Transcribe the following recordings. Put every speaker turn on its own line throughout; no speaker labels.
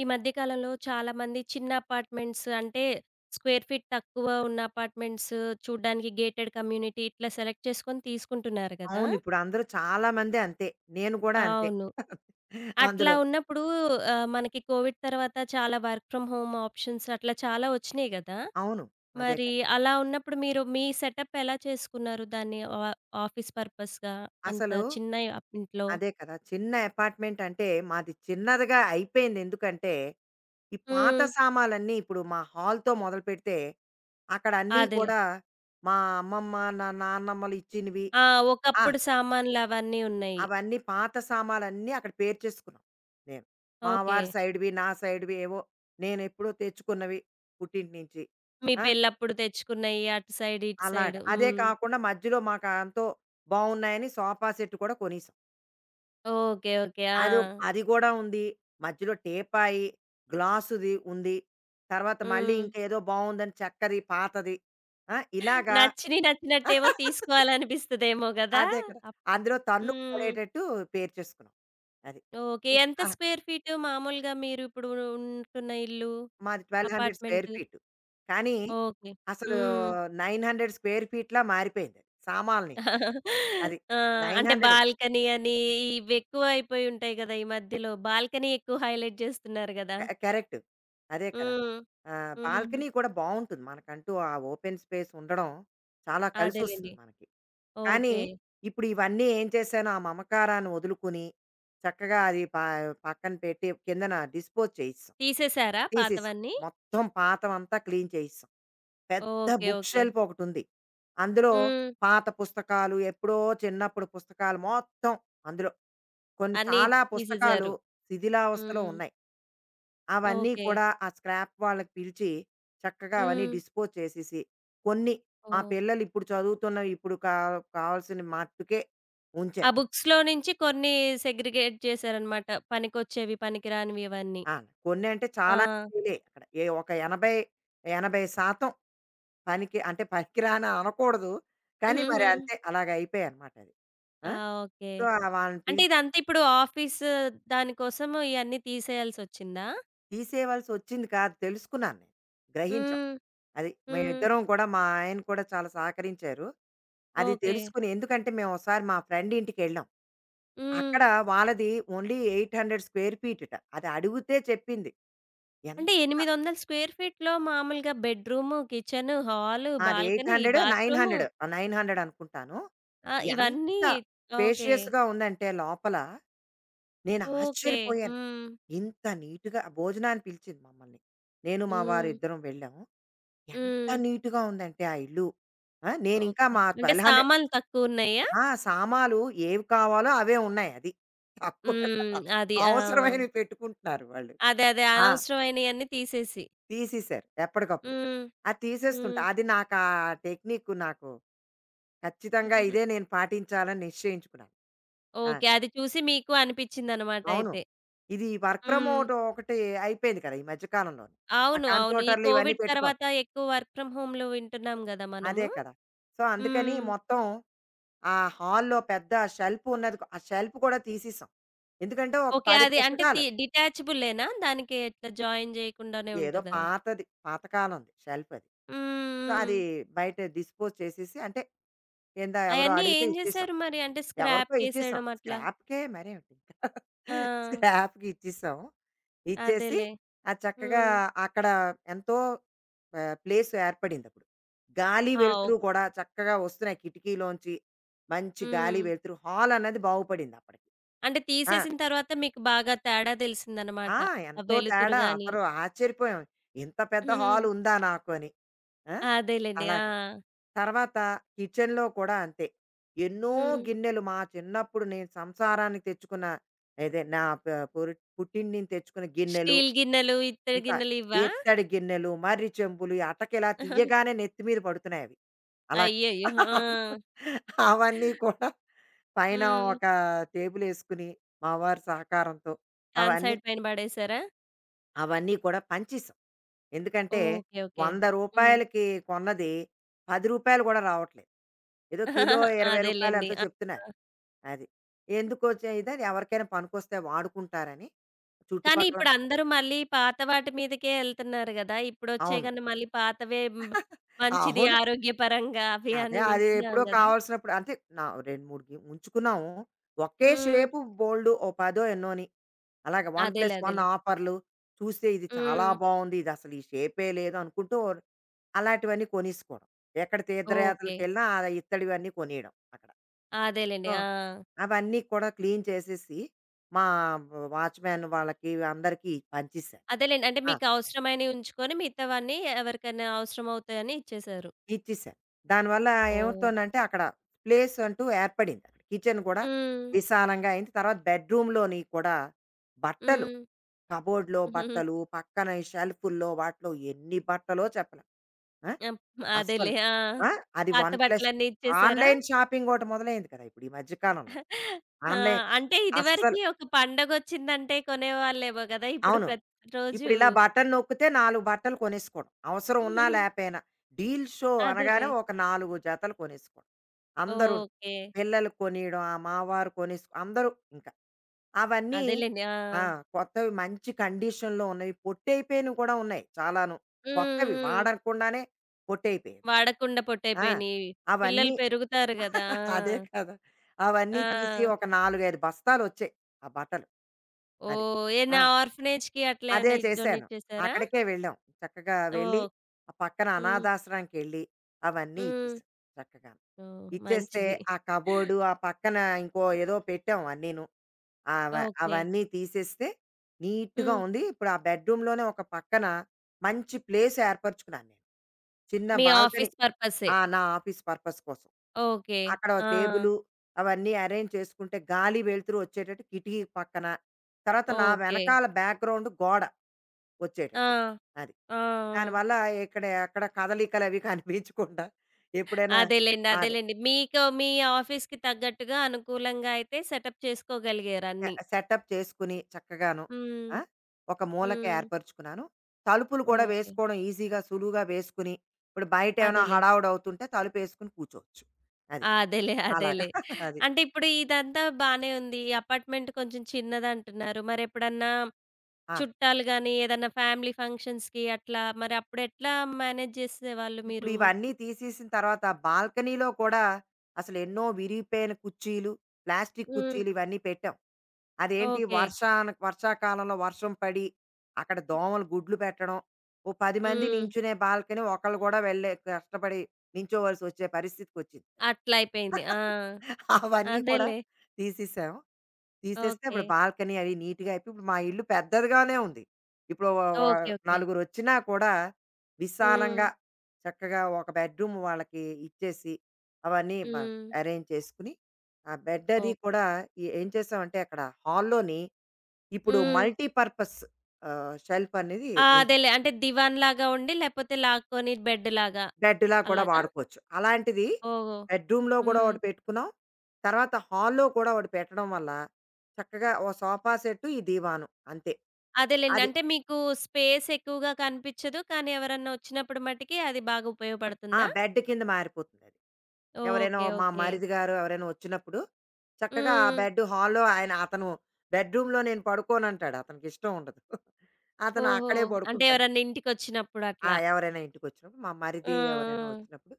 ఈ మధ్య కాలంలో చాలా మంది చిన్న అపార్ట్‌మెంట్స్ అంటే స్క్వేర్ ఫీట్ తక్కువ ఉన్న అపార్ట్‌మెంట్స్ చూడడానికి గేటెడ్ కమ్యూనిటీ ఇట్లా సెలెక్ట్ చేసుకొని తీసుకుంటున్నారు కదా!
అవును. ఇప్పుడు అందరూ చాలా మంది అంతే. నేను కూడా అంతే
అవును. అట్లా
అందులో.
ఉన్నప్పుడు, ఆహ్, మనకి కోవిడ్ తరువాత చాలా వర్క్ ఫ్రం హోమ్ ఆప్షన్స్ అట్లా చాలా ఒచ్చినియి గదా!
అవును. అదే
మరి
కదా!
అలా ఉన్నప్పుడు మీరు మీ సెటప్ ఎలా చేసుకున్నారు? దాన్ని ఆ ఆఫీస్ పర్పస్‌గా అంత
అసలు
చిన్న అప్ ఇంట్లో.
అదే కదా! చిన్న అపార్ట్‌మెంట్ అంటే, మాది చిన్నదిగా అయిపోయింది. ఎందుకంటే ఈ పాత
హ్మ్.
సామాన్లన్నీ ఇప్పుడు మా హాల్‌తో మొదలుపెడితే అక్కడ అన్నీ
అదేలే.
కూడా మా అమ్మమ్మ, నాన్నమ్మలు ఇచ్చినవి.
ఆ!
ఆ!
ఒకప్పుడు సామాన్లు అవన్నీ ఉన్నాయి.
అవన్నీ పాత సామాన్లన్నీ అక్కడ పేర్చేసుకున్నాం నేను. మా వారి
ఓకే.
సైడ్‌వి నా సైడ్‌వి ఏవో, నేనెప్పుడో తెచ్చుకున్నవి. పుట్టింటి నుంచి.
మీ
ఆ!
పెళ్లప్పుడు తెచ్చుకున్నయి, అటు సైడ్ ఇటు
అలాగా.
సైడు.
అదే
హ్మ్.
కాకుండా మధ్యలో మాకు ఎంతో బాగున్నాయని సోఫా సెట్ కూడా కొనేసాం.
Okay, okay.
అది ఒక్
ఆ!
అది కూడా ఉంది. మధ్యలో టీపాయి. గ్లాసుది ఉంది. తర్వాత మళ్లీ
హ్మ్.
ఇంకేదో బాగుందని, చెక్కది, పాతది, ఆ! ఇలాగ.
నచ్చిన నచ్చినట్టేమో తీసుకోవాలి అనిపిస్తదేమో గదా!
అదే కదా!
అప్
అందులో తన్నుకు
హ్మ్.
పడేటట్టు పేర్చేసుకున్నాం అది.
ఓకే.
ఉ
ఎంత
ఆ
స్క్వేర్ ఫీట్ మామూలుగా మీరు ఇప్పుడు ఉంటున్న ఇల్లు,
మాది 1200 స్క్వేర్
అపార్ట్‌మెంటు.
ఫీట్ కానీ,
ఓకే.
అసలు
హ్మ్.
900 స్క్వేర్ ఫీట్‌లా మారిపోయింది సామాన్లని. అది
ఆ!
నైన్
అంటే
హండ్రెడే.
బాల్కనీ అని, ఇవి ఎక్కువ అయిపోయి ఉంటాయి గదా! ఈ మధ్యలో బాల్కనీ ఎక్కువ హైలైట్ జేస్తున్నారు గదా!
క కరెక్టు. అదే కదా.
హ్మ్.
ఆహ్,
హ్మ్.
బాల్కనీ కూడా బావుంటుంది. మనకంటూ ఆ ఓపెన్ స్పేస్ ఉండడం, చాలా
అదేలెండి.
కలిసొస్తుంది మనకి. కానీ
ఓకే.
ఇప్పుడు ఇవన్నీ ఏం చేశాను? ఆ మమకారాన్ని వదులుకొని, చక్కగా అది ప పక్కన పెట్టి కిందన డిస్పోజ్ చేసేసాం.
తీసేసారా
తీసేసాం.
పాతవన్నీ?
మొత్తం పాతదంతా క్లీన్ చేసేసాం. పెద్ద
ఓకే,
బుక్
ఓకే.
షెల్ఫ్ ఒకటుంది. అందులో
హ్మ్.
పాత పుస్తకాలు, ఎప్పుడో చిన్నప్పుడు పుస్తకాలు మొత్తం అందులో. కొన్ని
అన్ని
చాలా పుస్తకాలు
తీసేశారు.
శిథిలావస్థలో
హ్మ్.
ఉన్నాయి. అవన్నీ
ఓకే.
కూడా ఆ స్క్రాప్ వాళ్లకు పిలిచి చక్కగా అవన్నీ
హ్మ్.
డిస్పోజ్ చేసేసి, కొన్ని మా
ఓహ్!
పిల్లలు ఇప్పుడు చదువుతున్న, ఇప్పుడు కా కావాల్సిన మట్టుకే
ఆ
ఉంచారు.
బుక్స్‌లో నుంచి కొన్ని సెగ్రిగేట్ చేసారన్నమాట. పనికొచ్చేవి, పనికిరానివి ఇవన్నీ.
ఆ! కొన్ని అంటే చాలా
ఆ!
ఫీలే అక్కడ. ఒక 80, 80% పనికి అంటే, పనికిరాని అనకూడదు కానీ, మరి
హుహుహు.
అంతే అలాగ అయిపోయాయన్నమాటది. ఆ!
ఆ! ఓకే.
సో, అలా వాళ్లని
అంటే
పిలిచి
ఇదంతా ఇప్పుడు ఆఫీసు దాని కోసం ఇయన్నీ తీసేయాల్సి ఒచ్చిందా?
తీసేయవలసి వచ్చింది కాదు తెలుసుకున్నాను నేను, గ్రహించాం.
హ్మ్.
అది
హ్మ్.
మేమిద్దరం గూడా, మా ఆయన కూడా చాలా సహకరించారు. అది
ఓకే.
తెలుసుకుని ఎందుకంటే మేము ఒసారి మా ఫ్రెండింటికెళ్ళాం. అక్కడ
హ్మ్.
వాళ్ళది ఓన్లీ 800 స్క్వేర్ ఫీటట. అది అడుగితే చెప్పింది. ఎంత
అంటే 800ల స్క్వేర్ ఫీట్‌లో మామూలుగా బెడ్రూము, కిచెను, హాలు,
అది eight
balcony,
hundred nine
bathroom.
Hundred ఆ 900 అనుకుంటాను.
ఆ! ఇవన్నీ
ఎంత
ఓకే.
స్పేషియస్‌గా ఉందంటే లోపల నేను
ఓకే.
ఆశ్చర్యపోయాను.
హ్మ్.
ఇంత నీట్‌గా భోజనానికి పిలిచింది మమ్మల్ని. నేను, మా వారు
హ్మ్.
ఇద్దరం వెళ్ళాము. ఎంత
హ్మ్.
నీట్‌గా ఉందంటే, ఆ ఇల్లు ఆ! నేను ఇంకా
ఓకే.
మా
అంటే
1200
సామాన్లు తక్కువున్నాయా?
ఆ! సామాలు ఏవి కావాలో అవే ఉన్నాయి. అది. తక్కువ
హ్మ్. అది. ఆ!
అవసరమైనవి పెట్టుకుంటున్నారు వాళ్ళు.
అదే, అదే.
ఆ!
అనవసరమైని అన్ని తీసేసి.
తీసేసారు. ఎప్పటికప్పుడు.
హ్మ్.
అది తీసేస్తుంటా.
హ్మ్.
అది నాకా టెక్నికు నాకు ఖచ్చితంగా ఇదే నేను పాటించాలని నిశ్చయించుకున్నాను. అది.
ఓకే. అది చూసి మీకు అనిపిచ్చిందన్నమాట
అవును.
అయితే.
ఇది వర్క్ ఫ్రమ్
హ్మ్.
మోటో ఒకటి అయిపోయింది కదా! ఈ మధ్య కాలంలో‌ని. ఆ
అవును. అవును. ఈ
కంప్యూటర్లు ఇవన్నీ
కోవిడ్
పెట్టుకోవాలి.
తరువాత ఎక్కువ వర్క్ ఫ్రామ్ హోములు వింటున్నాం గదా!
అదే
మనము.
కదా! సో, అందుకని
హ్మ్.
మొత్తం ఆ హాల్లో పెద్ద షెల్ఫున్నది. ఆ షెల్ఫ్ కూడా తీసేసాం. ఎందుకంటే ఒక
ఓకే.
10
అది అంటే
పుస్తకాలు
తి డిటాచబులేనా? దానికి ఇట్లా జాయిన్ జేయకుండానే
ఏదో
ఉంటదా?
పాతది, పాతకాలంది షెల్ఫది.
హ్మ్.
సో, అది
హ్మ్.
బయట డిస్పోజ్ చేసేసి, అంటే ఏందో ఎవరో
అయన్నీ
అడిగితే
ఏం
ఇచ్చేసాం.
చేసారు మరి? అంటే
ఎవరికో ఇచ్చేసాం.
స్క్రాప్‌కేసేయడం అట్లా?
స్క్రాప్‌కే, మరేమిటింక,
ఆ!
స్క్రాప్‌కి ఇచ్చేసాం. ఇచ్చేసి
అదేలే.
అది చక్కగా
హ్మ్.
అక్కడ ఎంతో ప ప్లేస్ ఏర్పడింది అప్పుడు. గాలి,
ఆ!
వెలుతురు
ఓకే.
కూడా చక్కగా వస్తున్నాయి కిటికీలోంచి. మంచి గాలి,
హ్మ్.
వెలుతురు, హాలన్నది బాగుపడింది అప్పటికి.
అంటే
ఆ!
తీసేసిన తరువాత మీకు బాగా తేడా దెలిసిందన్నమాట.
ఆ!
ఆ
ఎంతో
వెలుతురు
తేడా.
గాని.
అందరు ఆశ్చర్యపోయాం. ఇంత పెద్ద
హ్మ్.
హాలు ఉందా నాకు అని. ఆ!
అదేలెండి.
అలాగా.
ఆ!
తరువాత కిచెన్‌లో కూడా అంతే. ఎన్నో
హ్మ్.
గిన్నెలు, మా చిన్నప్పుడు నేను సంసారాన్ని తెచ్చుకున్న, ఏది నా ప పురిట్ పుట్టింటి నుంచి తెచ్చుకున్న గిన్నెలు,
స్టీల్ గిన్నెలు, ఇత్తడి
ఇంకా
గిన్నెలు ఇవ్వా?
ఇత్తడి గిన్నెలు, మర్రి చెంబులు, అటక ఇలా తీయగానే నెత్తి మీద పడుతున్నాయవి. అలాగా
అయ్యయ్యో! ఆ!
అవన్నీ కూడా పైన
హ్మ్.
ఒక టేబులేసుకొని, మావారి సహకారంతో
సన్
అవన్నీ
సైడ్ పైన పడేశారా?
అవన్నీ కూడా పని చేసాం. ఎందుకంటే
ఓకె. ఓకె.
వంద
హ్మ్.
రూపాయలకి కొన్నది రూ. 10 కూడా రావట్లేదు. ఏదో కిలో 20
అదేలేండి.
రూపాయలెంతో
ఆ!
చెప్తున్నారు
ఆ!
అది. ఎందుకొచ్చే ఇది ఎవరికైనా పనికొస్తే వాడుకుంటారని
కానీ,
చుట్టుపక్కల
ఇప్పుడు అందరూ మళ్ళీ పాత వాటి మీదకే ఎళ్తున్నారు గదా!
అవును.
ఇప్పుడొచ్చగానే మళ్ళీ పాతవే బ్ మంచిది
అవును.
ఆరోగ్యపరంగా అవి
అదే.
అని
అది
వింటున్నాం
ఎప్పుడో
గదా!
కావాల్సినప్పుడు అంటే నా 2, 3 కిం ఉంచుకున్నాము. ఒకే
హ్మ్.
షేపు బోలెడు ఓ పదో ఎన్నోని. అలాగా 1
అదేలే.
ప్లస్ 1
అదేలే.
ఆఫర్లు చూస్తే ఇది చాలా
హ్మ్.
బావుంది. ఇదసలు ఈ షేపే లేదు అనుకుంటూ అలాంటివన్నీ కొనేసుకోవడం. ఎక్కడ
ఓకె.
తీర్థయాత్రలకెళ్ళినా ఆ ఇత్తడి ఇవన్నీ కొనేయడం అక్కడ.
అదేలేండి.
సో,
ఆ!
అవన్నీ కూడా క్లీన్ చేసేసి మా వ వాచ్‌‌మ్యాను వాళ్ళకి అందరికి పంచేశాను.
అదేలేండి. అంటే
ఆ!
మీకు అవసరమైనవి ఉంచుకొని, మిగతావన్నీ ఎవరికైనా అవసరమవుతాయని ఇచ్చేసారు.
ఇచ్చేసాను. దానివల్ల
ఓహ్!
ఏమవుతుందంటే, అక్కడ ప్లేసంటూ ఏర్పడిందక్కడ. కిచెన్ కూడా
హ్మ్.
విశాలంగా అయింది. తర్వాత బెడ్‌రూమ్‌లోని కూడా, బట్టలు
హ్మ్.
కబ్‌బోర్డ్‌లో బట్టలు, పక్కన షెల్ఫుల్లో వాటిలో ఎన్ని బట్టలో చెప్పలేం. ఆ!
ఎం
అస్సలు.
అదేలే. ఆ!
ఆ! అది
పాత
1 ప్లస్
బట్టలన్నీ ఇచ్చేసారా?
ఆన్‌లైన్ షాపింగోటి మొదలయింది కదా! ఇప్పుడు ఈ మధ్య కాలంలో.
ఆ!
ఆన్‌లైన్
అంటే
అస్సలు
ఇదివరకి ఒక పండగొచ్చిందంటే కొనేవాళ్ళేమో కదా! ఇప్పుడు
అవును.
ప్రతిరోజు
ఇప్పుడిలా బటన్ నొక్కితే నాలుగు బట్టలు కొనేసుకోవడం, అవసరం ఉన్నా లేపోయినా. డీల్ షో అనగానే
అదేలే.
ఒక నాలుగు జతలు కొనేసుకోవడం. అందరూను.
ఓకె.
పిల్లలు కొనియడం ఆహ్, మావారు కొనేస్ అందరూ ఇంక. అవన్నీ
అదేలేండి.
ఆ!
ఆ!
కొత్తవి మంచి కండిషన్‌లో ఉన్నాయి, పొట్టైపోయినవి కూడా ఉన్నాయి చాలాను.
హ్మ్.
కొత్తవి
హ్మ్.
వాడకుండానే పొట్టైపోయేవి.
వాడకుండా
ఆ!
పొట్టైపోయినాయి. పిల్లలు
అవన్నీ
పెరుగుతారు గదా!
అదే కదా! అవన్నీ తీసి
ఆ!
ఒక 4, 5 బస్తాలొచ్చాయి ఆ బట్టలు. అది.
ఓహ్!
ఆ!
ఏమన్నా ఆర్ఫనేజ్‌కి అట్లా
అదే
ఏమన్నా ఇ డొనేట్
చేశాను
చేసారా?
అక్కడికే వెళ్ళాం. చక్కగా వెళ్ళి
ఓహ్!
ఆ పక్కన
హ్మ్.
అనాధాశ్రమానికెళ్లి అవన్నీ
హ్మ్.
ఇచ్చేసాం చక్కగా.
ఓహ్!
ఇచ్చేస్తే
మంచిది.
ఆ కబోర్డు, ఆ పక్కన ఇంకో ఏదో పెట్టాం అన్నీను, ఆహ్, వ
ఓకె.
అవన్నీ తీసేస్తే నీట్‌గా
హ్మ్.
ఉంది. ఇప్పుడు ఆ బెడ్‌రూమ్‌లోనే ఒక పక్కన మంచి ప్లేస్ ఏర్పరుచుకున్నాను నేను. చిన్న
మీ
బాల్కనీ
ఆఫీస్ పర్పస్సే.
ఆ! నా ఆఫీస్ పర్పస్ కోసం.
ఓకె.
అక్కడ ఒక
ఆ!
టేబులు అవన్నీ ఎరేంజ్ చేసుకుంటే గాలి, వెలుతురు వచ్చేటట్టు కిటికీ పక్కన. తర్వాత, నా
ఓకె.
వెనకాల బ్యాక్ గ్రౌండ్ గోడ
ఆ!
వచ్చేటట్టు. అది.
ఆ! ఆ!
దానివల్ల ఇక్కడయి అక్కడ కదలికలు అవి కనిపించకుండా ఎప్పుడైనా
అదేలేండి.
అదే.
అదేలేండి. మీకు, మీ ఆఫీస్‌కి తగ్గట్టుగా, అనుకూలంగా అయితే సెటప్ చేసుకోగలిగారు
ఆహ్,
అన్నీ.
సెటప్ చేసుకొని చక్కగాను, ఆ!
హ్మ్.
ఒక మూలకి
హ్మ్.
ఏర్పరుచుకున్నాను. తలుపులు కూడా
ఓకె.
వేసుకోవడం ఈజీగా, సులువుగా వేసుకొని, ఇప్పుడు బయటేమైనా
అదేలే.
హడావిడి అవుతుంటే తలుపేసుకొని కూర్చోవచ్చు. అది.
అదేలే.
అలాగా.
అదేలే.
అది.
అంటే ఇప్పుడు ఇదంతా బానే ఉంది. ఈ అపార్ట్‌మెంట్ కొంచెం చిన్నదంటున్నారు. మరెప్పుడన్నా
ఆ!
చుట్టాలు గాని, ఏదన్నా ఫ్యామిలీ ఫంక్షన్స్‌కి అట్లా, మరి అప్పుడెట్లా మ్యానేజ్ చేసేవాళ్ళు మీరు?
ఇప్పుడివన్నీ తీసేసిన తరువాత, బాల్కనీలో కూడా అసలెన్నో విరిగిపోయిన కుర్చీలు ప్లాస్టిక్కు
హ్మ్.
కుర్చీలు ఇవన్నీ పెట్టాం. అదేంటి
ఓకె.
వర్షాను వర్షాకాలంలో వర్షం పడి, అక్కడ దోమలు గుడ్లు పెట్టడం, ఓ 10 మంది
హ్మ్.
నించునే బాల్కనీ ఒకళ్ళు గూడా వెళ్లే కష్టపడి నుంచోవాల్సొచ్చే పరిస్థితికొచ్చింది.
అట్లా అయిపోయింది ఆ!
అవన్నీ కూడా
అదేలే.
తీసేసాం. తీసేస్తే ఇప్పుడు
ఓకె.
బాల్కనీ అవి నీట్‌గా అయిపోయి, ఇప్పుడు మా ఇల్లు పెద్దదిగానే ఉంది. ఇప్పుడో వ వ
ఓకె. ఓకె.
నలుగురొచ్చినా కూడా, విశాలంగా
హ్మ్.
చక్కగా ఒక బెడ్‌రూము వాళ్ళకి ఇచ్చేసి, అవన్నీ బా
హ్మ్.
ఎరేంజ్ చేసుకొని, ఆ బెడ్డది
ఓహ్!
కూడా ఏ ఏం చేసామంటే, అక్కడ హాల్‌లోని ఇప్పుడు
హ్మ్.
మల్టీపర్పస్ ఆహ్, షెల్ఫనేది
ఆ!
ఉంది.
అదేలే అంటే దివాన్ లాగా ఉండి, లేకపోతే లాక్కొని బెడ్డు లాగా.
బెడ్డులా కూడా
అలాగా?
వాడుకోవచ్చు. అలాంటిది
ఓహో!
బెడ్‌రూమ్‌లో కూడా
హ్మ్.
ఒకటి పెట్టుకున్నాం. తర్వాత హాల్‌లో కూడా ఒకటి పెట్టడం వల్ల, చక్కగా ఓ సోఫా సెట్టు ఈ దివాను అంతే.
అదేలేండి.
అది.
అంటే మీకు, స్పేసెక్కువగా కనిపించదు. కానీ, ఎవరన్నా వచ్చినప్పుడు మటికి అది బాగా
ఆ!
ఉపయోగపడుతుందా?
బెడ్డు కింద మారిపోతుందది. ఎవరైనా
ఓకె.
మా
ఓకె.
మరిది గారు ఎవరైనా వచ్చినప్పుడు, చక్కగా ఆ
హ్మ్.
బెడ్డు హాల్‌ ఆయన అతను "బెడ్‌రూమ్‌లో నేను పడుకోను" ఆంటాడు. అతనికిష్టముండదు. అతను
ఓహో!
అక్కడే
అంటే
పడుకుంటారు.
ఎవరన్నా ఇంటికొచ్చినప్పుడు
ఆ!
అట్లా.
ఎవరైనా ఇంటికొచ్చినప్పుడు, మా
ఆ!
మరిది ఎవరైనా వచ్చినప్పుడు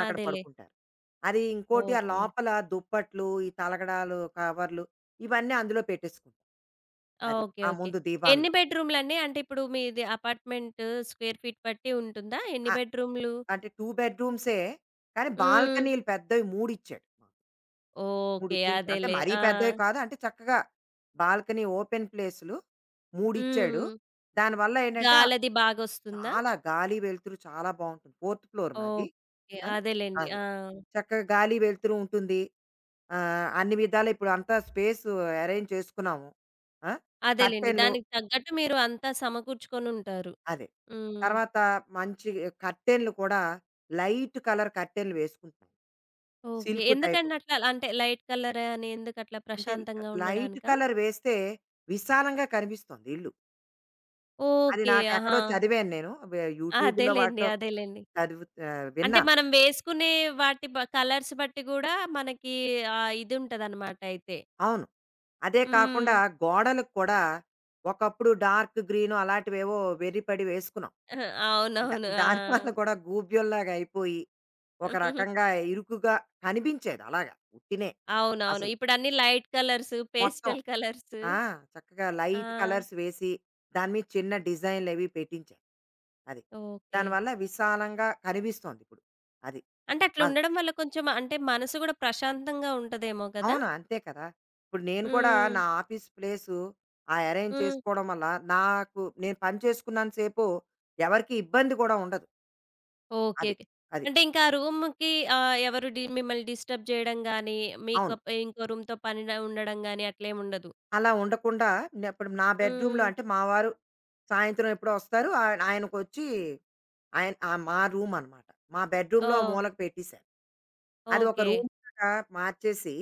ఆ! అదేలే.
పడుకుంటారు. అది ఇంకోటి ఆ
ఓకె.
లోపల దుప్పట్లు, ఈ తలగడాలు, కవర్లు, ఇవన్నీ అందులో పెట్టేసుకుని. అది.
ఓకె.
ఆ
ఓకె.
ముందు దీవానులో.
ఎన్ని బెడ్ రూములండి? అంటే ఇప్పుడు మీది అపార్ట్‌మెంటు స్క్వేర్ ఫీట్ బట్టి ఉంటుందా? ఎన్ని
ఆ!
బెడ్ రూములు?
అంటే 2 బెడ్‌రూమ్సే కానీ
హ్మ్.
బాల్కనీలు పెద్దవి మూడిచ్చాడు మాకు. 3
ఓకే.
చిన్ అంటే
అదేలే.
మరీ
ఆ!
పెద్దయి కాదు అంటే చక్కగా బాల్కనీ ఓపెన్ ప్లేసులు మూడిచ్చాడు.
హ్మ్.
దానివల్ల ఏంటంటే
గాలది బాగొస్తుందా?
చాలా గాలి వెలుతురు చాలా బావుంటుంది. 4థ్ ఫ్లోర్ మాది.
ఓకే.
ఆ
అదేలెండి
అది.
ఆ!
చక్కగా గాలి వెలుతురు ఉంటుంది. ఆహ్, అన్ని విధాలా ఇప్పుడంతా స్పేసు అరేంజ్ చేసుకున్నాము. ఆ!
అదేలెండి
కర్టెనులు
దానికి తగ్గట్టు మీరు అంతా సమకూర్చుకొని ఉంటారు.
అదే
హ్మ్.
తర్వాత మంచి కర్టెనులు కూడా లైట్ కలర్ కర్టెనులు వేసుకుం
ఓకే.
Silk type.
ఎందుకండి అట్లా అంటే లైట్ కలరే అని ఎందుకట్లా
అంటే
ప్రశాంతంగా
లైట్
ఉండడానికా?
కలర్ వేస్తే విశాలంగా కనిపిస్తొంది ఇల్లు. అది
ఓకే.
నాకెక్కడో
ఆహా!
చదివాను నేను. వె యూట్యూబ్‌లో
అదేలెండి.
వాటిలో
అదేలెండి.
చదువుతా ఆ
అంటే
విన్నా.
మనం వేసుకునే వాటి బ కలర్స్ బట్టి గూడా మనకి ఆ ఇదుంటదన్నమాటయితే!
అవును. అదే కాకుండా
హ్మ్.
గోడలక్కూడా ఒకప్పుడు డార్క్ గ్రీన్ అలాంటివేవో వెర్రి పడి వేసుకున్నాం. దా
అవునవును.
దాని వల్ల
ఆ!
కూడా గూబ్యంలాగయిపోయి ఒక రకంగా ఇరుకుగా కనిపించేది అలాగా ఉత్తినే
అవునవును.
అసలు.
ఇప్పుడన్ని లైట్ కలర్సు,
మొత్తం
పేస్టల్ కలర్సు.
ఆ! చక్కగా
ఆ!
లైట్ కలర్స్ వేసి దాని మీద చిన్న డిజైన్‌లవి పెట్టించి. అది.
ఓకే.
దానివల్ల విశాలంగా కనిపిస్తొంది ఇప్పుడు. అది.
అంటే
వాళ్ళు
అట్లుండడం వల్ల కొంచెం అంటే మనసు గూడా ప్రశాంతంగా ఉంటదేమో గదా!
అవును. అంతే కదా! ఇప్పుడు నేను కుడా నా
హ్మ్.
ఆఫీస్ ప్లేసు ఆ అరేంజ్
హ్మ్.
చేసుకోడం వల్ల నాకు నేను పని చేసుకున్నంత సేపు ఎవరికీ ఇబ్బంది గూడా ఉండదు.
ఓకే,
అది.
ఓకే.
అది.
అంటే ఇంకా ఆ రూముకి ఆహ్, ఎవరు డి మిమ్మల్ని డిస్టర్బ్ చేయడం గాని, మీకు
అవును.
ప ఇంకో రూమ్‌తో పని న ఉండడం గాని అట్లేముండదు.
అలా ఉండకుండా ఇప్పుడు నా బెడ్‌రూంలో
హ్మ్.
అంటే మా వారు సాయంత్రం ఎప్పుడో వస్తారు ఆయ ఆయనకొచ్చి ఆయన్ ఆ! మా రూమ్ అన్నమాట. మా బెడ్‌రూంలో ఆ
ఓహ్!
మూలకు పెట్టిసాను. అది ఒక
ఓకే.
రూమ్‌లాగా మార్చేసి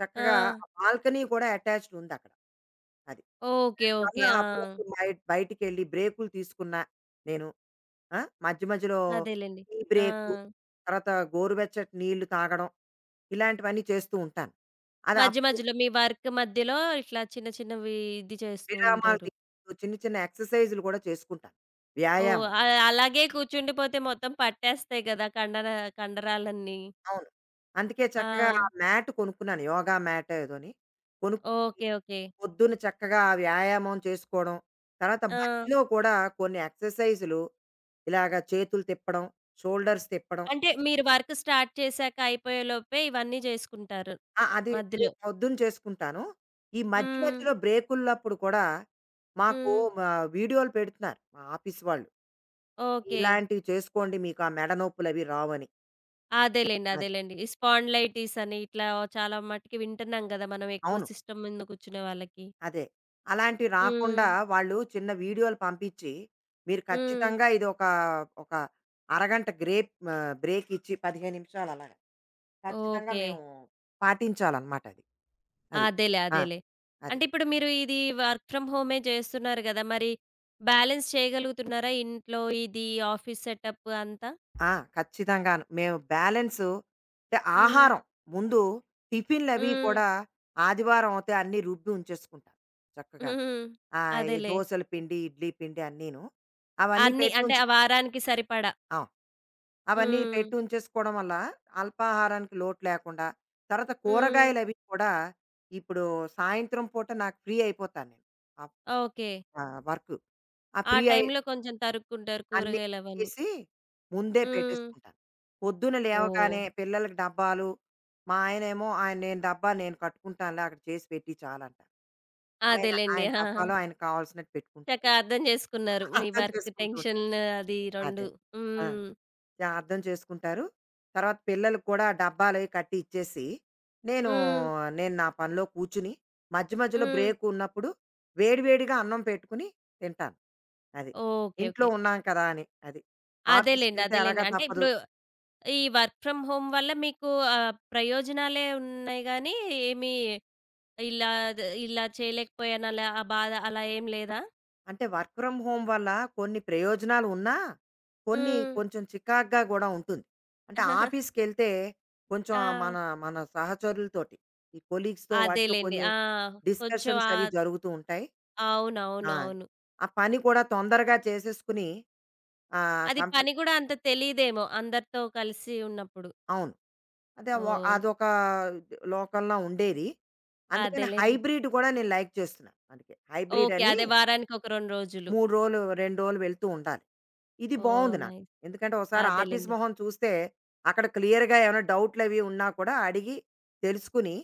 చక్కగా
ఆ!
ఆ బాల్కనీ కూడా అటాచ్డ్ ఉందక్కడ. అది.
ఓకే.
దానివల్ల
ఓకే. ఆ!
అప్పుడప్పుడు బ బయటికెళ్ళి బ్రేక్‌లు తీసుకున్నా నేను ఆహ్, మధ్య మధ్యలో
అదేలెండి.
టీ బ్రేకు,
ఆ!
తర్వాత గోరువెచ్చటి నీళ్లు తాగడం ఇలాంటివన్నీ చేస్తూ ఉంటాను. అది
మధ్య
అప్పుడు
మధ్యలో మీ వర్క్ మధ్యలో ఇట్లా చిన్న చిన్నవి ఇది చేస్తూ
విరామాలు
ఉంటారు.
తి చిన్న చిన్న ఎక్సర్‌సైజ్‌లు కూడా చేసుకుంటాను.
ఓహ్!
వ్యాయామం.
అ అలాగే కూర్చుండిపోతే మొత్తం పట్టేస్తాయి కదా! కండర కండరాలన్నీ.
అవును. అందుకే చక్కగా
ఆ!
మ్యాట్ కొనుక్కున్నాను. యోగ మాటో ఏదోని, కొనుక్కుని,
ఓకే, ఓకే.
పొద్దున్న చక్కగా వ్యాయామం చేసుకోవడం, తరువాత
ఆ!
మధ్యలో కూడా కొన్ని ఎక్సర్‌సైజ్‌లు ఇలాగ చేతులు తిప్పడం షోల్డర్స్ తిప్పడం
అంటే మీరు వర్క్ స్టార్ట్ చేసాక అయిపోయేలోపే ఇవన్నీ చేసుకుంటారు,
ఆ! అది తే
మధ్యలో.
ఇది పొద్దున్న చేసుకుంటాను. ఈ మధ్య
హ్మ్.
మధ్యలో బ్రేకుల్లప్పుడు కూడా మాకు
హ్మ్.
మ వీడియోలు పెడుతున్నారు మా ఆఫీస్ వాళ్ళు.
ఓకే.
ఇలాంటివి చేసుకోండి మీకా మెడ నొప్పులవి రావని.
అదేలెండి.
అది.
అదేలెండి. ఈ స్పాండిలైటిస్ అని ఇట్లా చాలా మటికి వింటున్నాం గదా! మనం ఎక్కువ
అవును.
సిస్టమ్ ముందు కూర్చునే వాళ్ళకి.
అదే. అలాంటియి రాకుండా
హ్మ్.
వాళ్ళు చిన్న వీడియోలు పంపిచ్చి, మీరు
హ్మ్.
ఖచ్చితంగా ఇది ఒక ఒక అరగంట గ్రేప్ ఆహ్, బ్రేకిచ్చి 15 నిమిషాలు అలాగా. ఖచ్చితంగా
ఓకే.
మేము పాటించాలన్నమాట అది. అది.
అదేలే.
ఆ!
అదేలే.
అది.
అంటే ఇప్పుడు మీరు ఇది వర్క్ ఫ్రమ్ హోమే జేస్తున్నారు గదా! మరి బ్యాలెన్స్ చేయగలుగుతున్నారా? ఇంట్లో ఇది ఆఫీస్ సెటప్పు అంతా.
ఆ! ఖచ్చితంగాను. మేము బ్యాలెన్సు అంటే
హ్మ్.
ఆహారం ముందు టిఫిన్లవి
హ్మ్.
కూడా ఆదివారం అవుతే అన్ని రుబ్బి ఉంచేసుకుంటాం చక్కగాను.
హ్మ్.
ఆహ్, ఈ
అదేలే.
దోసలు పిండి, ఇడ్లీ పిండి అన్నీను. అవన్నీ
అన్ని అంటే
పెట్టుంచు
ఆ వారానికి సరిపడా.
అవును. అవన్నీ
హ్మ్.
పెట్టుంచేసుకోవడం వల్ల అల్పాహారానికి లోటు లేకుండా, తర్వాత
హ్మ్.
కూరగాయలవి కూడా ఇప్పుడు సాయంత్రం పూట నాకు ఫ్రీ అయిపోతా నేను. Up
okay.
ఆహ్, వర్కు. ఆ
ఆ
ఫ్రీ అయ్యె
టైంలో కొంచెం తరుక్కుంటారు
అన్ని
కూరగాయలవన్నీ.
కడిగేసి ముందే
హ్మ్.
పెట్టేసుకుంటాను. పొద్దున్న
ఓహో!
లేవగానే పిల్లలకి డబ్బాలు మా ఆయనేమో, ఆయన "నేను డబ్బా నేను కట్టుకుంటానులే అక్కడ చేసి పెట్టి చాలంటారు." ఆయన
అదేలెండి.
ఆయన
ఆ!
డబ్బాలో ఆయనకు కావాల్సినట్టు
చక్క
పెట్టుకుంటారు.
అర్థం జేసుకున్నారు. మీ
అర్థం
వర్క్
చేసుకుంటూ
టెన్షను.
ఉంటారు.
అది 2.
అదే. ఆ!
హ్మ్.
జా అర్థం చేసుకుంటారు. తర్వాత పిల్లలకి కూడా డబ్బాలవి కట్టి ఇచ్చేసి, నేనూ
హ్మ్.
నేను నా పనిలో కూర్చుని మధ్యమధ్యలో
హ్మ్.
బ్రేకున్నప్పుడు వేడి వేడిగా అన్నం పెట్టుకుని తింటాను. అది.
ఓకే.
ఇంట్లో
ఓకే.
ఉన్నాం కదా! అని. అది.
అదేలెండి.
ఆఫీసుకెళ్తే
అదేలెండి.
ఎలాగా
అంటే
తప్పదు.
ఇప్పుడు ఈ వర్క్ ఫ్రామ్ హోమ్ వల్ల మీకు ఆహ్, ప్రయోజనాలే ఉన్నాయి గాని, ఏమి ఇలా ద ఇలా చేయలేకపోయానల ఆ బాధ అలా ఏం లేదా?
అంటే వర్క్ ఫ్రమ్ హోమ్ వల్ల కొన్ని ప్రయోజనాలు ఉన్నా కొన్ని
హ్మ్.
కొంచెం చికాగ్గా గూడా ఉంటుంది. అంటే ఆఫీస్‌కెళ్తే కొంచెం ఆ మన
ఆ!
మన సహచరులతోటి ఈ కొలీగ్స్‌తో వాటితో
అదేలెండి.
కొన్ని
ఆ! కొంచెం
డిస్కషన్స్
ఆ
అవి జరుగుతూ ఉంటాయి. ఆ!
అవునవునవును.
ఆ పని కూడా తొందరగా చేసేసుకొని ఆహ్,
అది
కంపెనీ
పని గూడా అంత తెలీదేమో అందరితో కలిసి ఉన్నప్పుడు.
అవును. అదే వ
ఓహ్! న్
అదొకా లోకం‌లా ఉండేది. అందుకనే
అదేలెండి.
హైబ్రిడ్ గూడా నేను లైక్ చేస్తున్నా మనకే.
ఓకే.
హైబ్రిడని
అదే వారానికి ఒక 2 రోజులు.
3 రోలు, 2 రోలు వెళ్తూ ఉండాలి. ఇది
ఓహ్!
బావుంది నాకు.
నైస్.
ఎందుకంటే, ఒసారి ఆఫీస్
అదేలెండి.
మొహం చూస్తే, అక్కడ క్లియర్‌గా ఏవనా డౌట్లవి ఉన్నా కూడా అడిగి తెలుసుకొని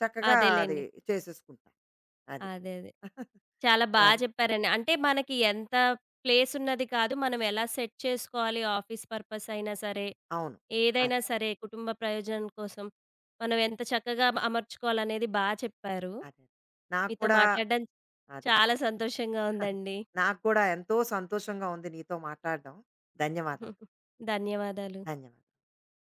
చక్కగా అది
అదేలెండి.
చేసేసుకుంటాం. అది.
అదే, అదే. చాలా బా
అది.
చెప్పారండి. అంటే మనకి ఎంత ప్లేస్ ఉన్నది కాదు మనం ఎలా సెట్ చేసుకోవాలి ఆఫీస్ పర్పస్ అయినా సరే,
అవును. అది.
ఏదైనా సరే కుటుంబ ప్రయోజనం కోసం మనం ఎంత చక్కగా అ అమర్చుకోవాలనేది బా చెప్పారు.
అది. నాకు
మీతో
కూడా
మాట్లాడడం
అదే.
చాలా సంతోషంగా ఉందండి.
నాకు కూడా ఎంతో సంతోషంగా ఉంది నీతో మాటాడ్డం. ధన్యవాదాలు.
ధన్యవాదాలు.
ధన్యవా